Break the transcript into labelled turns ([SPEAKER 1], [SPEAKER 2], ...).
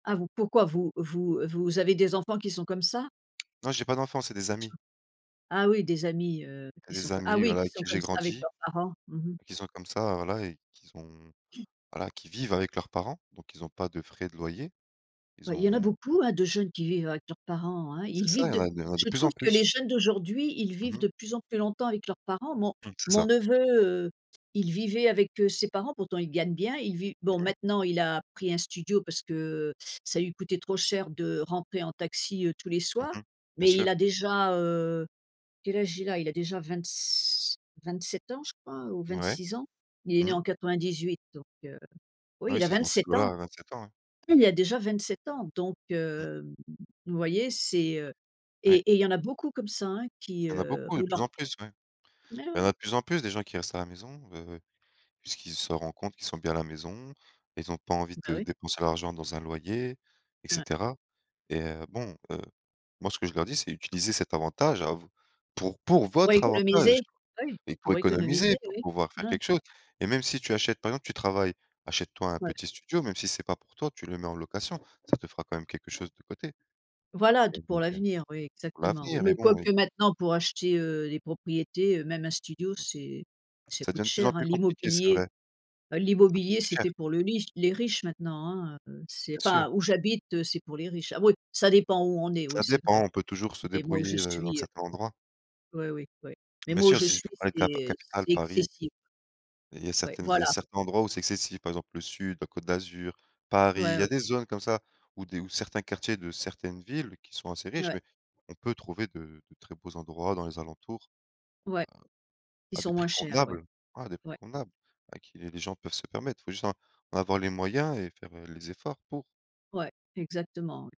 [SPEAKER 1] Ah vous pourquoi vous vous, heu, vous avez des enfants qui sont comme ça?
[SPEAKER 2] Non, j'ai pas d'enfants, c'est des amis.
[SPEAKER 1] [unintelligible] Ah oui, des amis, heu,
[SPEAKER 2] Il
[SPEAKER 1] qui
[SPEAKER 2] y a
[SPEAKER 1] sont
[SPEAKER 2] des
[SPEAKER 1] co ah
[SPEAKER 2] amis,
[SPEAKER 1] oui,
[SPEAKER 2] voilà,
[SPEAKER 1] qui
[SPEAKER 2] avec qui
[SPEAKER 1] sont
[SPEAKER 2] j'ai
[SPEAKER 1] comme ça avec
[SPEAKER 2] grandi,
[SPEAKER 1] leurs parents. Mmh mh.
[SPEAKER 2] ben, qui sont comme ça, heu, voilà et qui sont, voilà, qui vivent avec leurs parents, donc ils ont pas de frais de loyer. Ils
[SPEAKER 1] Bah, il y en a
[SPEAKER 2] ont
[SPEAKER 1] beaucoup, hein, de jeunes qui vivent avec leurs parents, hein?
[SPEAKER 2] C'est
[SPEAKER 1] Ils
[SPEAKER 2] ça,
[SPEAKER 1] vivent
[SPEAKER 2] il y en
[SPEAKER 1] de
[SPEAKER 2] a il y en a de
[SPEAKER 1] je
[SPEAKER 2] plus
[SPEAKER 1] trouve
[SPEAKER 2] en
[SPEAKER 1] que les
[SPEAKER 2] plus.
[SPEAKER 1] jeunes d'aujourd'hui, ils
[SPEAKER 2] Mmh
[SPEAKER 1] vivent
[SPEAKER 2] mh.
[SPEAKER 1] de plus en plus longtemps avec leurs parents. Mon
[SPEAKER 2] Mmh. C'est
[SPEAKER 1] mon
[SPEAKER 2] ça.
[SPEAKER 1] neveu, heu, il vivait avec, heu, ses parents- pourtant il gagne bien- il vit bon,
[SPEAKER 2] Mmh mh.
[SPEAKER 1] maintenant, il a pris un studio parce que, heu, ça lui coûtait trop cher de rentrer en taxi, heu, tous les
[SPEAKER 2] Mmh
[SPEAKER 1] soirs,
[SPEAKER 2] mh. Bien
[SPEAKER 1] mais il
[SPEAKER 2] sûr.
[SPEAKER 1] a déjà, heu quel âge il a? il a déjà vingt-s 27 ans, je crois ou
[SPEAKER 2] Mouais.
[SPEAKER 1] 26 ans. Il il est né
[SPEAKER 2] Mmh.
[SPEAKER 1] en 98 donc heu.
[SPEAKER 2] Ah
[SPEAKER 1] Oui,
[SPEAKER 2] oui,
[SPEAKER 1] il
[SPEAKER 2] c'est dans ces
[SPEAKER 1] a
[SPEAKER 2] eaux-là
[SPEAKER 1] ans,
[SPEAKER 2] hein, 27 ans, ouais.
[SPEAKER 1] il a déjà vingt-sept ans donc
[SPEAKER 2] Mmh.
[SPEAKER 1] hem, vous voyez? C'est heu et
[SPEAKER 2] Ouais.
[SPEAKER 1] et il y en a beaucoup comme ça, hein, qui,
[SPEAKER 2] Il y en a
[SPEAKER 1] heu,
[SPEAKER 2] beaucoup, de
[SPEAKER 1] pour
[SPEAKER 2] plus
[SPEAKER 1] leur
[SPEAKER 2] en plus, ouais.
[SPEAKER 1] Mais
[SPEAKER 2] Il y
[SPEAKER 1] ouais.
[SPEAKER 2] en a de plus en plus, des gens qui restent à la maison, heu, puisqu'ils se rend compte qu'ils sont bien à la maison. Ils ont pas envie
[SPEAKER 1] Ben
[SPEAKER 2] de
[SPEAKER 1] oui.
[SPEAKER 2] dépenser l'argent dans un loyer et
[SPEAKER 1] Ouais.
[SPEAKER 2] cetera, et heu, bon, heu, moi ce que je leur dis, c'est: «Utilisez cet avantage à vous pour pour
[SPEAKER 1] Pour
[SPEAKER 2] votre
[SPEAKER 1] économiser.
[SPEAKER 2] avantage
[SPEAKER 1] Ouais.
[SPEAKER 2] et pour
[SPEAKER 1] Pour économiser,
[SPEAKER 2] économiser, pour
[SPEAKER 1] oui.
[SPEAKER 2] pouvoir faire
[SPEAKER 1] Ouais.
[SPEAKER 2] quelque chose. Et même si tu, achètes, par exemple, tu travailles, achète-toi un
[SPEAKER 1] Ouais.
[SPEAKER 2] petit studio, même si c'est pas pour toi, tu le mets en location, ça te fera quand même quelque chose de côté».
[SPEAKER 1] Voilà, d pour
[SPEAKER 2] [unintelligible]
[SPEAKER 1] l'avenir, oui,
[SPEAKER 2] Pour
[SPEAKER 1] exactement, oui.
[SPEAKER 2] l'avenir,
[SPEAKER 1] Mais
[SPEAKER 2] mais bon, oui.
[SPEAKER 1] quoique maintenant pour acheter, heu, les propriétés, heu, même un
[SPEAKER 2] C'est
[SPEAKER 1] studio, c'est
[SPEAKER 2] ça.
[SPEAKER 1] ça
[SPEAKER 2] Ça
[SPEAKER 1] coûte
[SPEAKER 2] devient de plus en
[SPEAKER 1] cher, hein?
[SPEAKER 2] plus compliqué, c'est
[SPEAKER 1] L'immobilier,
[SPEAKER 2] vrai.
[SPEAKER 1] bah, l'immobilier
[SPEAKER 2] C'est
[SPEAKER 1] c'est
[SPEAKER 2] cher.
[SPEAKER 1] fait pour le riche les riches maintenant, hein, heu. C'est
[SPEAKER 2] Bien sûr.
[SPEAKER 1] enfin où j'habite, heu, c'est pour les riches. Ah oui, ça dépend où on est, oui,
[SPEAKER 2] Ça
[SPEAKER 1] c'est vrai.
[SPEAKER 2] dépend. On peut toujours se
[SPEAKER 1] Mais moi, où je
[SPEAKER 2] débrouiller, heu, dans
[SPEAKER 1] suis, heu
[SPEAKER 2] certains endroits.
[SPEAKER 1] Ouais, oui, ouais. Mais
[SPEAKER 2] Bien
[SPEAKER 1] moi, où
[SPEAKER 2] sûr,
[SPEAKER 1] je
[SPEAKER 2] si
[SPEAKER 1] suis,
[SPEAKER 2] vous parlez de cap
[SPEAKER 1] c'est
[SPEAKER 2] capitales,
[SPEAKER 1] c'est
[SPEAKER 2] Paris.
[SPEAKER 1] excessif.
[SPEAKER 2] Il y a Il y a
[SPEAKER 1] Ouais,
[SPEAKER 2] certaines il y a
[SPEAKER 1] voilà.
[SPEAKER 2] certains endroits où c'est excessif, par exemple, le sud, la Côte d'Azur, Paris, il
[SPEAKER 1] Ouais,
[SPEAKER 2] y a
[SPEAKER 1] oui.
[SPEAKER 2] des zones comme ça où des où certains quartiers de certaines villes qui sont assez riches,
[SPEAKER 1] Ouais.
[SPEAKER 2] mais on peut trouver de de très beaux endroits dans les alentours
[SPEAKER 1] Ouais. Ils
[SPEAKER 2] à à
[SPEAKER 1] sont
[SPEAKER 2] des
[SPEAKER 1] moins
[SPEAKER 2] prix
[SPEAKER 1] chers, ouais.
[SPEAKER 2] convenables, hein, à des prix
[SPEAKER 1] Ouais,
[SPEAKER 2] convenables, à qu'il y a des gens peuvent se permettre. Il faut juste en en avoir les moyens et faire, heu, les efforts pour.
[SPEAKER 1] Ouais, exactement, oui.